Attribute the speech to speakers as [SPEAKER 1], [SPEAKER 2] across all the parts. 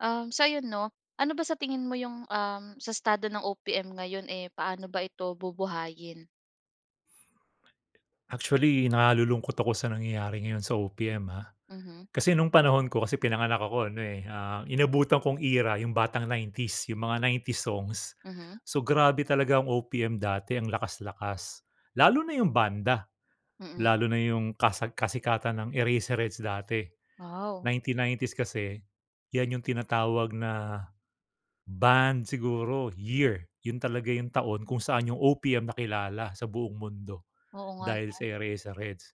[SPEAKER 1] Um, sa'yo 'no, ano ba sa tingin mo 'yong, um, sa estado ng OPM ngayon, eh, paano ba ito bubuhayin?
[SPEAKER 2] Actually, nalulungkot ako sa nangyayari ngayon sa OPM ah.
[SPEAKER 1] Mhm.
[SPEAKER 2] Kasi no'ng panahon ko, kasi pinanganak ako ano, eh, ah, inabutan kong era 'yong batang 90s, 'yong mga 90s songs.
[SPEAKER 1] Mhm.
[SPEAKER 2] So, grabe talaga ang OPM dati, ang lakas-lakas. Lalo na 'yong banda.
[SPEAKER 1] Mm.
[SPEAKER 2] Lalo na 'yong kasa kasikatan ng Eraserheads dati.
[SPEAKER 1] Wow!
[SPEAKER 2] Nineteen nineties kasi 'yan 'yong tinatawag na band siguro, year. 'Yon talaga 'yong taon kung saan 'yong OPM nakilala sa buong mundo
[SPEAKER 1] Oo nga,
[SPEAKER 2] dahil
[SPEAKER 1] 'no?
[SPEAKER 2] sa sa Eraserheads.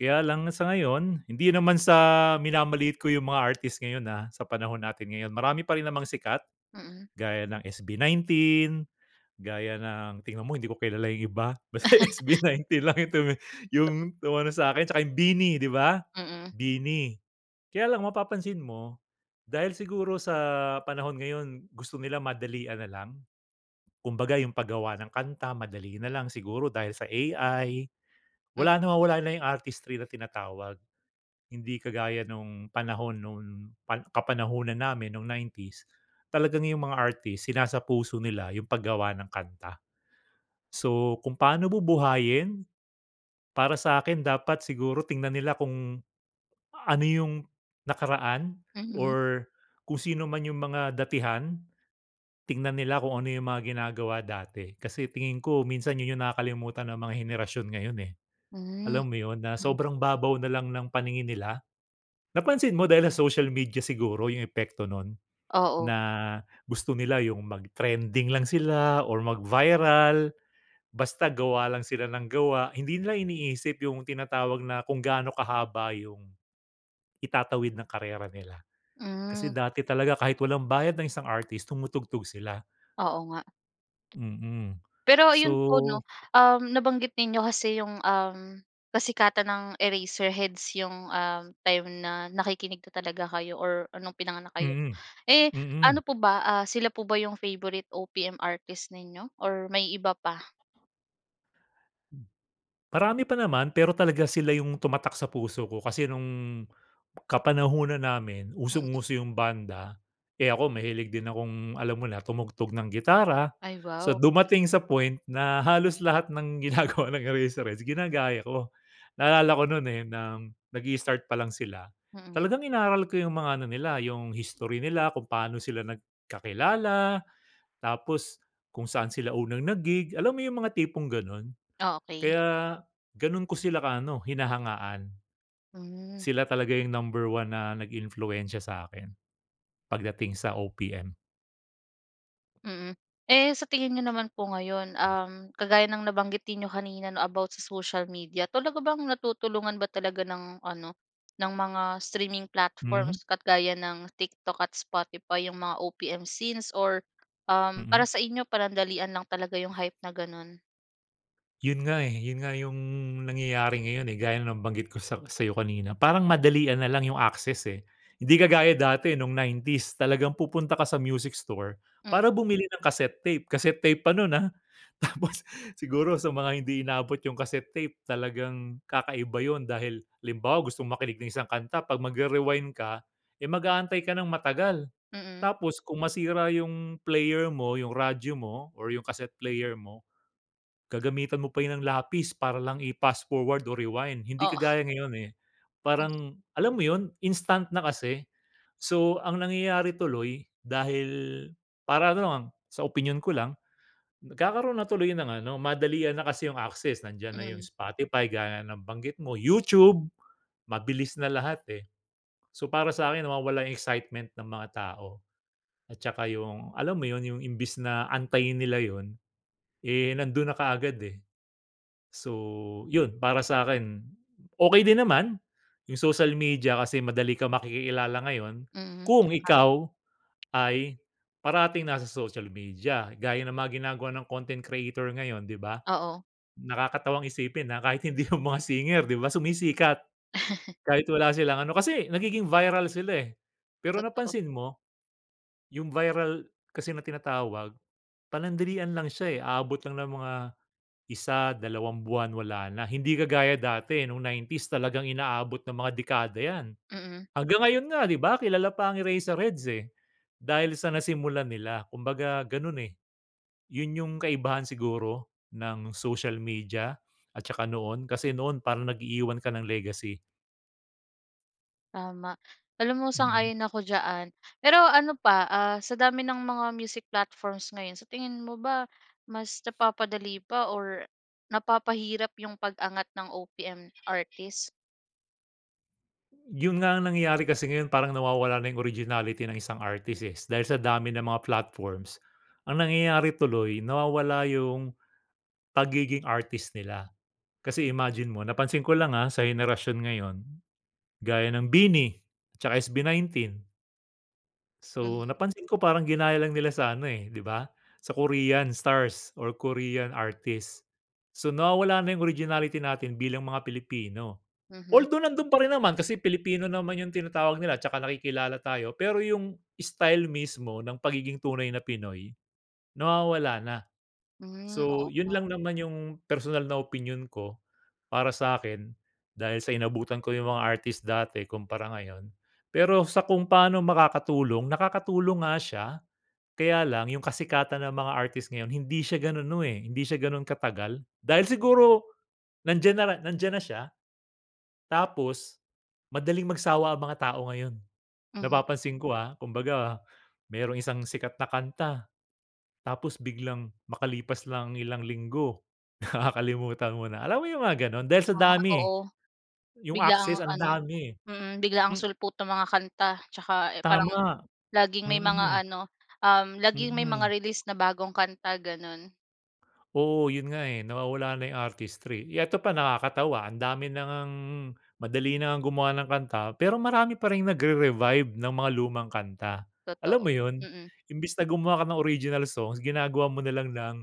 [SPEAKER 2] Kaya lang sa ngayon, hindi naman sa minamaliit ko 'yong mga artist ngayon, ah, sa panahon natin ngayon. Marami pa rin namang sikat
[SPEAKER 1] Mm.
[SPEAKER 2] gaya ng SB19, gaya ng tingnan mo hindi ko kilala 'yong iba, basta SB19 lang 'yong tumi
[SPEAKER 1] To
[SPEAKER 2] 'yong umano sa'kin tsaka 'yong BINI, 'di ba?
[SPEAKER 1] Mm.
[SPEAKER 2] BINI. Kaya lang, mapapansin mo dahil siguro sa panahon ngayon gusto nila madalian na lang. Kumbaga, 'yong paggawa ng kanta, madali na lang, siguro dahil sa AI.
[SPEAKER 1] Mm.
[SPEAKER 2] Wala, nawawala na 'yong artistry na tinatawag. Hindi kagaya no'ng panahon no'ng 'pag kapanahunan namin no'ng 90s. Talagang 'yong mga artist sinasapuso nila 'yong paggawa ng kanta. So, kung paano bubuhayin, para sa'kin, dapat siguro tingnan nila kung ano 'yong nakaraan
[SPEAKER 1] Mhm.
[SPEAKER 2] or kung sino man 'yong mga datihan. Tingnan nila kung ano 'yong mga ginagawa dati. Kasi tingin ko, minsan 'yon 'yong nakakalimutan ng mga henerasyon ngayon eh.
[SPEAKER 1] Hmm.
[SPEAKER 2] Alam mo 'yon, na
[SPEAKER 1] Mm.
[SPEAKER 2] sobrang babaw na lang ng paningin nila. Napansin mo, dahil sa social media siguro, 'yong epekto no'n,
[SPEAKER 1] Oo.
[SPEAKER 2] na gusto nila 'yong mag-trending lang sila or mag-viral. Basta gawa lang sila ng gawa. Hindi nila iniisip 'yong tinatawag na kung gaano kahaba 'yong itatawid ng karera nila. Kasi
[SPEAKER 1] Hmm.
[SPEAKER 2] dati talaga kahit walang bayad ng isang artist tumutugtog sila.
[SPEAKER 1] Oo nga.
[SPEAKER 2] Mm.
[SPEAKER 1] Pero 'yon po 'no,
[SPEAKER 2] So
[SPEAKER 1] um, nabanggit niyo kasi 'yong, um, kasikatan ng Eraserheads 'yong, um, time na nakikinig na talaga kayo or no'ng pinanganak kayo.
[SPEAKER 2] Mm.
[SPEAKER 1] Eh,
[SPEAKER 2] Mm.
[SPEAKER 1] ano po ba, ah, sila po ba 'yong favorite OPM artist ninyo or may iba pa?
[SPEAKER 2] M marami pa naman. Pero talagang sila 'yong tumatak sa puso ko kasi no'ng kapanahunan namin
[SPEAKER 1] Mm.
[SPEAKER 2] usong-uso yung banda. Eh, ako, mahilig din akong alam mo na, tumugtog ng gitara.
[SPEAKER 1] Ay,
[SPEAKER 2] So,
[SPEAKER 1] wow.
[SPEAKER 2] dumating sa point na halos lahat ng ginagawa ng Eraseheads, ginagaya ko. Naalala ko no'n, eh, ng nag-i-start pa lang sila,
[SPEAKER 1] Mm.
[SPEAKER 2] talagang inaral ko 'yong mga ano nila, 'yong history nila, kung pa'no sila nagkakilala, tapos kung saan sila unang nag-gig. Alam mo 'yong mga tipong gano'n?
[SPEAKER 1] Okey.
[SPEAKER 2] Kaya gano'n ko sila ka ano, hinahangaan.
[SPEAKER 1] Hmm.
[SPEAKER 2] Sila talaga 'yong number one na nag-impluwensiya sa'kin pagdating sa OPM.
[SPEAKER 1] Mm. Eh, sa tingin niyo naman po ngayon,
[SPEAKER 2] Hmm.
[SPEAKER 1] uhm, kagaya ng nabanggitin ninyo kanina, 'no, about sa social media, talaga bang natutulungan ba talaga ng ano, ng mga streaming
[SPEAKER 2] Mhm.
[SPEAKER 1] platforms, at gaya ng TikTok at Spotify, yung mga OPM scenes, or, uhm, para
[SPEAKER 2] Mm.
[SPEAKER 1] sa inyo panandalian lang talaga yung hype na ganun?
[SPEAKER 2] Yun nga, eh, yun nga yung nangyayari ngayon, eh. Gaya ng nabanggit ko sak sayo kanina. Parang, madalian nalang yung access, eh. Hindi kagaya dati nung 90's, talagang pupunta ka sa music store
[SPEAKER 1] Mm.
[SPEAKER 2] para bumili ng cassette tape. Casette tape pa nun, ah. Tapos, siguro sa mga hindi inabot yung cassette tape. Talagang kakaiba yun. Dahil halimbawa, gustong makinig ng isang kanta, 'pag magre-rewind ka, eh, mag-aantay ka ng matagal.
[SPEAKER 1] Mm.
[SPEAKER 2] Tapos, kung masira yung player mo, yung radyo mo, or yung cassette player mo, gagamitan mo pa yun ng lapis para lang i-pass-forward o rewind, hindi
[SPEAKER 1] Oo.
[SPEAKER 2] kagaya ngayon, eh.
[SPEAKER 1] Hmm.
[SPEAKER 2] Parang alam mo yon instant na kasi. So, ang nangyayari tuloy, dahil para ano lang, sa opinyon ko lang, nagkakaroon na tuloy ng ano madalian na kasi yong access. Nandiyan na yong
[SPEAKER 1] Mm.
[SPEAKER 2] Spotify, gaya ng banggit mo. YouTube, mabilis na lahat, eh. So, para sa akin nawawala excitement ng mga tao. At tsaka, yung alam mo yun, yung imbis na antayin nila yun, eh, nandun na kaagad, eh. So, yun para sakin, okey din naman yung social media kasi madali ka makikilala ngayon,
[SPEAKER 1] Mm. Ha.
[SPEAKER 2] kung ikaw ay parating nasa social media. Gaya ng mga ginagawa ng content creator ngayon, 'di ba?
[SPEAKER 1] Oo.
[SPEAKER 2] Nakakatawang isipin na, kahit hindi yung mga singer, 'di ba, sumisikat. Kahit wala silang ano kasi nagiging viral sila, eh. Pero,
[SPEAKER 1] Totoo.
[SPEAKER 2] napansin mo, yung viral kasi na tinatawag, panandalian lang siya, eh. Aabot lang ng mga isa, dalawang buwan wala na. Hindi kagaya dati nung 90's talagang inaabot ng mga dekada yan.
[SPEAKER 1] Mm.
[SPEAKER 2] Hanggang ngayon nga, 'di ba, kilala pa ang Eraserheads, eh. Dahil sa nasimulan nila, kumbaga ganun, eh. Yun yung kaibahan siguro ng social media. At tsaka noon kasi noon parang nag-iiwan ka ng legacy.
[SPEAKER 1] Tama. Alam mo,
[SPEAKER 2] Mm.
[SPEAKER 1] sang-ayon ako diyan. Pero ano pa, ah, sa dami ng mga music platforms ngayon, sa tingin mo ba mas napapadali pa or napapahirap yung pag-angat ng OPM artist?
[SPEAKER 2] Yun nga ang nangyayari, kasi ngayon parang nawawala na yung originality ng isang artists, eh, dahil sa dami ng mga platforms. Ang nangyayari tuloy, nawawala yung pagiging artist nila. Kasi imagine mo, napansin ko lang, ah, sa henerasyon ngayon gaya ng BINI tsaka SB19.
[SPEAKER 1] Mhm.
[SPEAKER 2] So, napansin ko parang ginaya lang nila sa ano, eh, di ba, sa Korean stars or Korean artists. So, nawawala na yung originality natin bilang mga Pilipino.
[SPEAKER 1] Mhm.
[SPEAKER 2] Although, nandun pa rin naman kasi Pilipino naman yung tinatawag nila tsaka nakikilala tayo, pero yung style mismo ng pagiging tunay na Pinoy, nawawala na.
[SPEAKER 1] Hmm,
[SPEAKER 2] So,
[SPEAKER 1] oo
[SPEAKER 2] yun
[SPEAKER 1] nga.
[SPEAKER 2] lang naman yung personal na opinyon ko. Para sa'kin, dahil sa inabutan ko yung mga artist dati kumpara ngayon. Pero sa kung pa'no makakatulong? Nakakatulong nga siya kaya lang yung kasikatan ng mga artist ngayon hindi siya ganun no, eh, hindi siya ganun katagal. Dahil siguro, nandiyan na nandiyan na siya tapos madaling magsawa ang mga tao ngayon.
[SPEAKER 1] Mhm.
[SPEAKER 2] Napapansin ko, ah, kumbaga, mayroong isang sikat na kanta tapos biglang makalipas lang ang ilang linggo, nakakalimutan mo na. Alam mo yung mga ganun, dahil sa
[SPEAKER 1] Ah,
[SPEAKER 2] dami, eh.
[SPEAKER 1] oo.
[SPEAKER 2] Yung
[SPEAKER 1] Biglaang
[SPEAKER 2] access ang
[SPEAKER 1] ano
[SPEAKER 2] dami.
[SPEAKER 1] mm, biglaang
[SPEAKER 2] M
[SPEAKER 1] sulpot nung mga kanta tsaka, eh, parang
[SPEAKER 2] Tama,
[SPEAKER 1] laging may mga
[SPEAKER 2] mm.
[SPEAKER 1] ano, um, laging may mga
[SPEAKER 2] Mm.
[SPEAKER 1] release na bagong kanta, ganun.
[SPEAKER 2] Oo, yun nga, eh, nawawala na yung artistry. Eto pa ang nakakatawa, ang dami na ngang madali na ngang gumawa ng kanta pero marami pa ring nagre-revive ng mga lumang kanta, alam
[SPEAKER 1] Totoo,
[SPEAKER 2] mo 'yon?
[SPEAKER 1] mm.
[SPEAKER 2] Imbes na gumawa ka ng original songs, ginagawa mo nalang ng,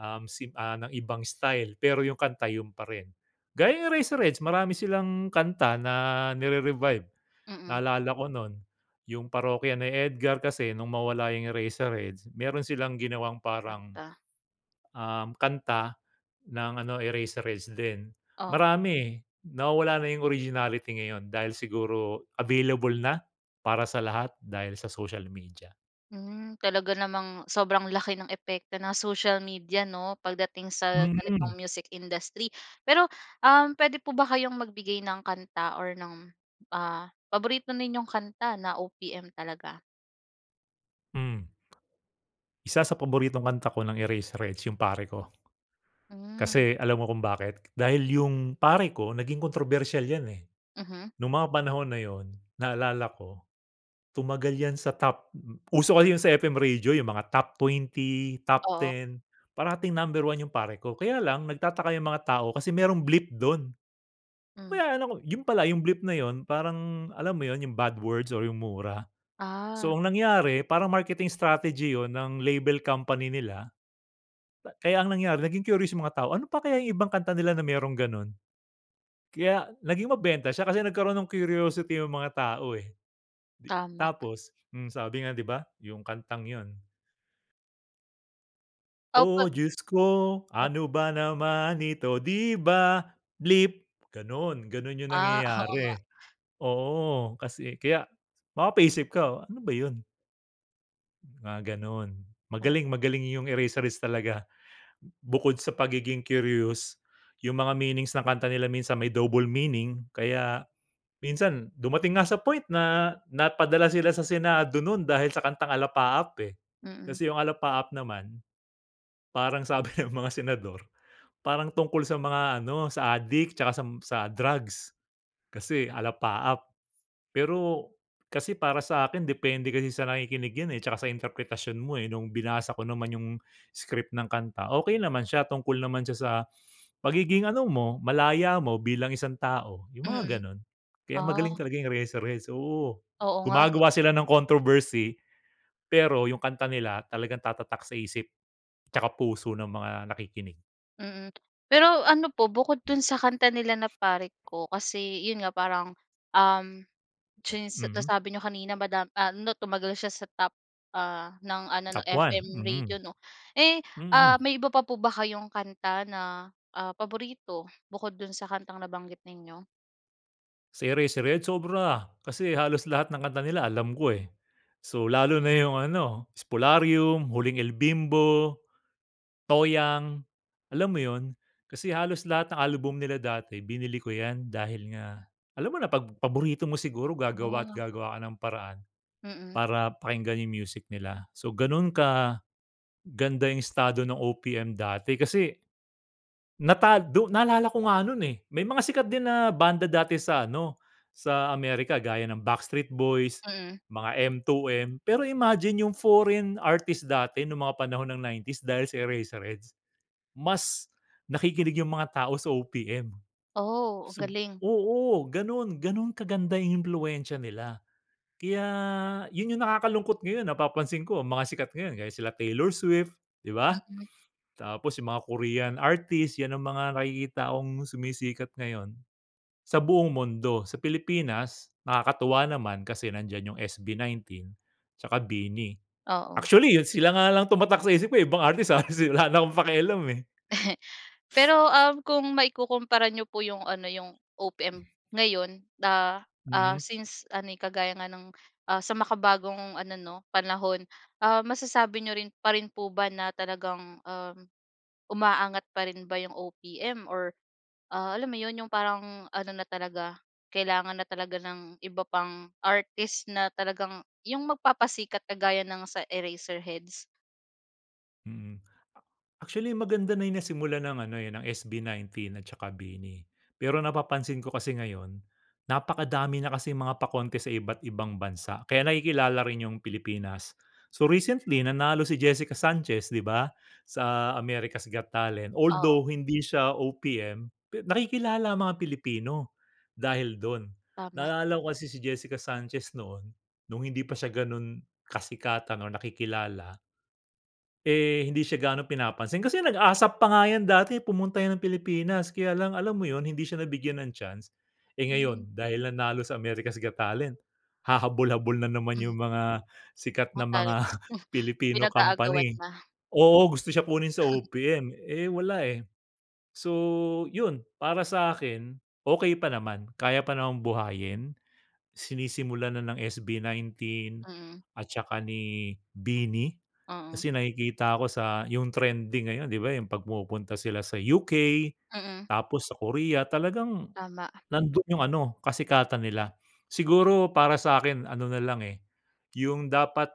[SPEAKER 2] um, sim ah, ng ibang style, pero yung kanta yun pa rin. Gaya yung Eraserheads marami silang kanta na nire-revive.
[SPEAKER 1] Mm.
[SPEAKER 2] Naalala ko no'n, yung Parokya ni Edgar kasi nung mawala yung Eraserheads, meron silang ginawang parang,
[SPEAKER 1] Kanta.
[SPEAKER 2] um, kanta ng ano, Eraserheads din.
[SPEAKER 1] Oo.
[SPEAKER 2] Marami, eh. Nawawala na yung originality ngayon dahil siguro available na para sa lahat dahil sa social media.
[SPEAKER 1] Hmm. Talaga namang sobrang laki ng epekto ng social media 'no, pagdating sa
[SPEAKER 2] Mm.
[SPEAKER 1] ganitong music industry. Pero, um, pwede po ba kayong magbigay ng kanta or ng, ah, paborito ninyong kanta na OPM talaga?
[SPEAKER 2] Mm. Isa sa paboritong kanta ko ng Eraserheads, yung "Pare Ko."
[SPEAKER 1] Mm.
[SPEAKER 2] Kasi alam mo kung bakit? Dahil yung "Pare Ko" naging kontrobersyal 'yan, eh.
[SPEAKER 1] Mhm.
[SPEAKER 2] Nung mga panahon na yun naalala ko tumagal 'yan sa top, mm, uso kasi yung sa FM radio yung mga top 20, top
[SPEAKER 1] Oo.
[SPEAKER 2] 10, parating number 1 yung "Pare Ko". Kaya lang nagtataka yung mga tao kasi merong bleep dun, 'no
[SPEAKER 1] Mm.
[SPEAKER 2] kaya 'no yun pala yung bleep na yun, parang alam mo yun yung bad words or yung mura. So,
[SPEAKER 1] Ah.
[SPEAKER 2] ang nangyari parang marketing strategy yun ng label company nila. Ba kaya ang nangyari naging curious yung mga tao, ano pa kaya yung ibang kanta nila na merong ganun? Kaya, naging mabenta siya kasi nagkaroon ng curiosity yung mga tao, eh. Di
[SPEAKER 1] Tama.
[SPEAKER 2] tapos, mm, sabi nga, di ba? Yung kantang 'yon.
[SPEAKER 1] [unintelligible]
[SPEAKER 2] Oh! Diyos ko
[SPEAKER 1] Oh.
[SPEAKER 2] ano ba naman ito, 'di ba, bleep, ganun ganun yung
[SPEAKER 1] Ah, oo nga.
[SPEAKER 2] nangyayari. Oo, kasi kaya mapapaisip ka ano ba 'yon? Mga ganun,
[SPEAKER 1] Oh.
[SPEAKER 2] magaling magaling yung Eraserheads talaga. Bukod sa pagiging curious, yung mga meanings ng kanta nila minsan may double meaning kaya minsan dumating nga sa point na napadala sila sa senado nun dahil sa kantang "Alapaap", eh.
[SPEAKER 1] Mm.
[SPEAKER 2] Kasi yung "Alapaap" naman parang sabi ng mga senador parang tungkol sa mga ano sa addict 'tsaka sam sa drugs kasi alapaap. Pero kasi para sa'kin depende kasi sa nakikinig 'yan, eh, 'tsaka sa interpretasyon mo, eh, nung binasa ko naman yung script ng kanta, okey naman siya, tungkol naman siya sa pagiging ano mo, malaya mo bilang isang tao, yung mga
[SPEAKER 1] Mm,
[SPEAKER 2] ganun. Kaya magaling
[SPEAKER 1] ah.
[SPEAKER 2] talaga yung Eraserheads oo
[SPEAKER 1] Oo, nga
[SPEAKER 2] gumagawa
[SPEAKER 1] 'no?
[SPEAKER 2] sila ng controversy pero yung kanta nila talagang tatatak sa isip, 'tsaka puso ng mga nakikinig.
[SPEAKER 1] Mm, pero ano po bukod dun sa kanta nila na "Pare Ko" kasi yun nga parang, uhm, since
[SPEAKER 2] Mm.
[SPEAKER 1] nasabi n'yo kanina madam ah, 'no, tumagal siya sa top, ah, ng ano, 'no,
[SPEAKER 2] Top one.
[SPEAKER 1] FM radio,
[SPEAKER 2] Mm,
[SPEAKER 1] 'no. Eh, ah,
[SPEAKER 2] mm.
[SPEAKER 1] may iba pa po ba kayong kanta na, ah, paborito bukod do'n sa kantang nabanggit ninyo?
[SPEAKER 2] Sa Eraserheads sobra, kasi halos lahat ng kanta nila alam ko, eh. So, lalo na yung ano, "Spolarium", "Huling El Bimbo", "Toyang", alam mo yun? Kasi halos lahat ng album nila dati binili ko 'yan, dahil nga alam mo na 'pag paborito mo siguro gagawa at
[SPEAKER 1] Ah.
[SPEAKER 2] gagawa ka ng paraan
[SPEAKER 1] Mm.
[SPEAKER 2] para pakinggan yung music nila. So, ganun kaganda yung estado ng OPM dati kasi natag do naalala ko nga nun, eh, may mga sikat din na banda dati sa ano, sa America gaya ng Backstreet Boys,
[SPEAKER 1] Mm.
[SPEAKER 2] mga M2M pero imagine yung foreign artist dati nung mga panahon ng 90's dahil sa Eraserheads, mas nakikinig yung mga tao sa OPM.
[SPEAKER 1] Oh, ang
[SPEAKER 2] Sub
[SPEAKER 1] galing.
[SPEAKER 2] oo, ganun ganun kaganda yung impluwensya nila, kaya yun yung nakakalungkot ngayon, napapansin ko ang mga sikat ngayon, gaya sila Taylor Swift, di ba?
[SPEAKER 1] Mm.
[SPEAKER 2] Tapos yung mga Korean artist, 'yan ang mga nakikita kong sumisikat ngayon, sa buong mundo. Sa Pilipinas, nakakatuwa naman, kasi nandiyan yung SB19 tsaka BINI.
[SPEAKER 1] Oo.
[SPEAKER 2] Actually, sila nga lang tumatak sa isip ko, eh, ibang artist, ah, si wala na akong pakialam, eh.
[SPEAKER 1] Pero, uhm, kung maikukumpara n'yo po yung ano yung
[SPEAKER 2] Hmm.
[SPEAKER 1] OPM ngayon da ah,
[SPEAKER 2] Mm.
[SPEAKER 1] since ano, eh, kagaya ng, ah, sa makabagong ano, 'no, panahon, ah, masasabi niyo rin pa rin po ba na talagang, uhm, umaangat pa rin ba yung OPM or ah, alam mo 'yon, yung parang ano na talaga, kailangan na talaga ng iba pang artist na talagang yung magpapasikat kagaya ng sa Eraserheads?
[SPEAKER 2] Mm. Actually maganda na yung nasimulan ng ano, eh, ng SB19 at saka BINI, pero napapansin ko kasi ngayon, napakadami na kasing mga pa-contest sa iba't ibang bansa, kaya nakikilala rin yung Pilipinas. So recently nanalo si Jessica Sanchez, 'di ba, sa America's Got Talent,
[SPEAKER 1] Oo.
[SPEAKER 2] although hindi siya OPM, pe nakikilala ang mga Pilipino dahil dun.
[SPEAKER 1] Tama.
[SPEAKER 2] Naaalala ko kasi si Jessica Sanchez noon, nung hindi pa siya ganun kasikatan or nakikilala eh, hindi siya gaanong pinapansin. Kasi nag-ASAP pa nga yan dati, pumunta yan ng Pilipinas kaya lang alam mo yun, hindi siya nabigyan ng chance. Eh,
[SPEAKER 1] Hmm.
[SPEAKER 2] ngayon dahil nanalo sa America's Got Talent, hahabol-habol na naman
[SPEAKER 1] Hmm.
[SPEAKER 2] yung mga sikat na
[SPEAKER 1] Mga
[SPEAKER 2] mga
[SPEAKER 1] talents,
[SPEAKER 2] Filipino
[SPEAKER 1] pinag-aagawan
[SPEAKER 2] company.
[SPEAKER 1] na.
[SPEAKER 2] Oo, gusto siya kunin sa OPM, eh, wala eh. So yun, para sa akin okey pa naman, kaya pa namang buhayin. Sinisimulan na ng SB19
[SPEAKER 1] Mm.
[SPEAKER 2] at saka ni BINI,
[SPEAKER 1] Oo.
[SPEAKER 2] kasi nakikita ko sa yung trending ngayon, 'di ba, yung 'pag pumupunta sila sa UK,
[SPEAKER 1] Mm.
[SPEAKER 2] tapos sa Korea, talagang
[SPEAKER 1] Tama.
[SPEAKER 2] nandun yung ano kasikatan nila. Siguro para sa'kin ano nalang, eh, yung dapat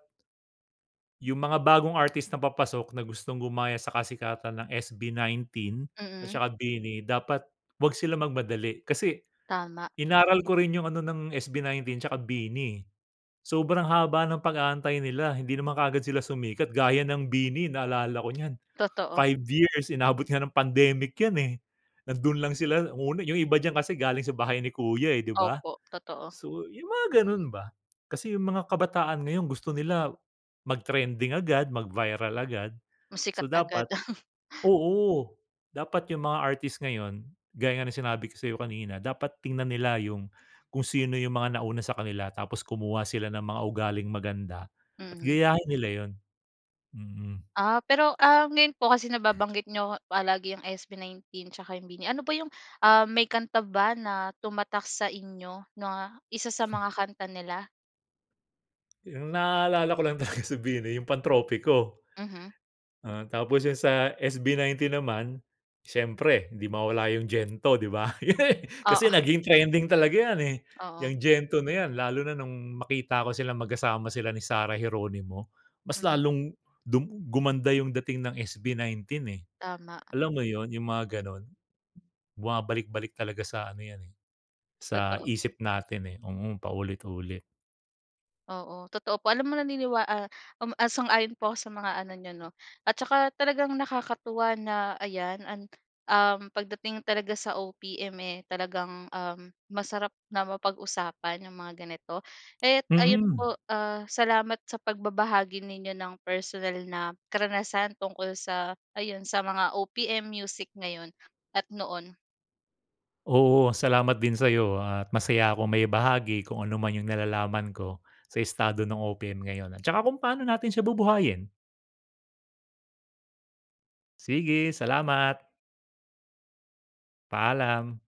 [SPEAKER 2] yung mga bagong artist na papasok na gustong gumaya sa kasikatan ng SB19 at
[SPEAKER 1] Mm.
[SPEAKER 2] saka BINI, dapat huwag sila magmadali. Kasi,
[SPEAKER 1] Tama.
[SPEAKER 2] inaral ko rin yung ano ng SB19 tsaka BINI, eh, sobrang haba ng pag-aantay nila. Hindi naman kaagad sila sumikat. Gaya ng BINI, naalala ko niyan,
[SPEAKER 1] Totoo.
[SPEAKER 2] 5 years inabot nga ng pandemic 'yan, eh. Nandoon lang sila una, yung iba diyan kasi galing sa Bahay ni Kuya, eh, 'di ba?
[SPEAKER 1] Opo, totoo.
[SPEAKER 2] So yung mga ganun ba, kasi yung mga kabataan ngayon gusto nila mag-trending agad, mag-viral agad.
[SPEAKER 1] Mas
[SPEAKER 2] So
[SPEAKER 1] sikat agad.
[SPEAKER 2] dapat, oo. Dapat yung mga artist ngayon gaya nga ng sinabi ko sa'yo kanina, dapat tingnan nila yung kung sino yung mga nauna sa kanila tapos kumuha sila ng mga ugaling maganda at
[SPEAKER 1] Mm.
[SPEAKER 2] gayahin nila yun. Mm.
[SPEAKER 1] Ah, pero um, ngayon po kasi nababanggit niyo palagi yung SB19 tsaka yung BINI. Ano ba yung, um, may kanta ba na tumatak sa inyo na isa sa mga kanta nila?
[SPEAKER 2] 'Yong naaalala ko lang talaga sa BINI 'yong "Pantropiko."
[SPEAKER 1] Mhm.
[SPEAKER 2] Ah, tapos 'yon sa SB19 naman siyempre hindi mawala 'yong "Gento," 'di ba? Kasi
[SPEAKER 1] Oo.
[SPEAKER 2] naging trending talaga 'yan, eh,
[SPEAKER 1] Oo.
[SPEAKER 2] 'yang "Gento" na 'yan. Lalo na no'ng makita ko silang magkasama sila ni Sarah Geronimo, mas
[SPEAKER 1] Mhm.
[SPEAKER 2] lalong du gumanda 'yong dating ng SB19, eh.
[SPEAKER 1] Tama.
[SPEAKER 2] Alam mo 'yon, 'yong mga gano'n. Bumabalik-balik talaga sa ano 'yan, eh, sa
[SPEAKER 1] Totoo.
[SPEAKER 2] isip natin, eh. Mm, paulit-ulit.
[SPEAKER 1] Oo, totoo po. Alam mo, naniniwa ah, uhm, sang-ayon po ako sa mga ano niyo, 'no, at tsaka talagang nakakatuwa na ayan an uhm, pagdating talaga sa OPM, eh, talagang, uhm, masarap na mapag-usapan 'yong mga ganito. Kaya't ayun
[SPEAKER 2] Mm.
[SPEAKER 1] po, ah, salamat sa pagbabahagi ninyo ng personal na karanasan tungkol sa ayon, sa mga OPM music ngayon at noon.
[SPEAKER 2] Oo, salamat din sa'yo at masaya akong maibahagi kung ano man 'yong nalalaman ko, sa estado ng OPM ngayon. At tsaka kung pa'no natin siya bubuhayin. Sige, salamat. Paalam.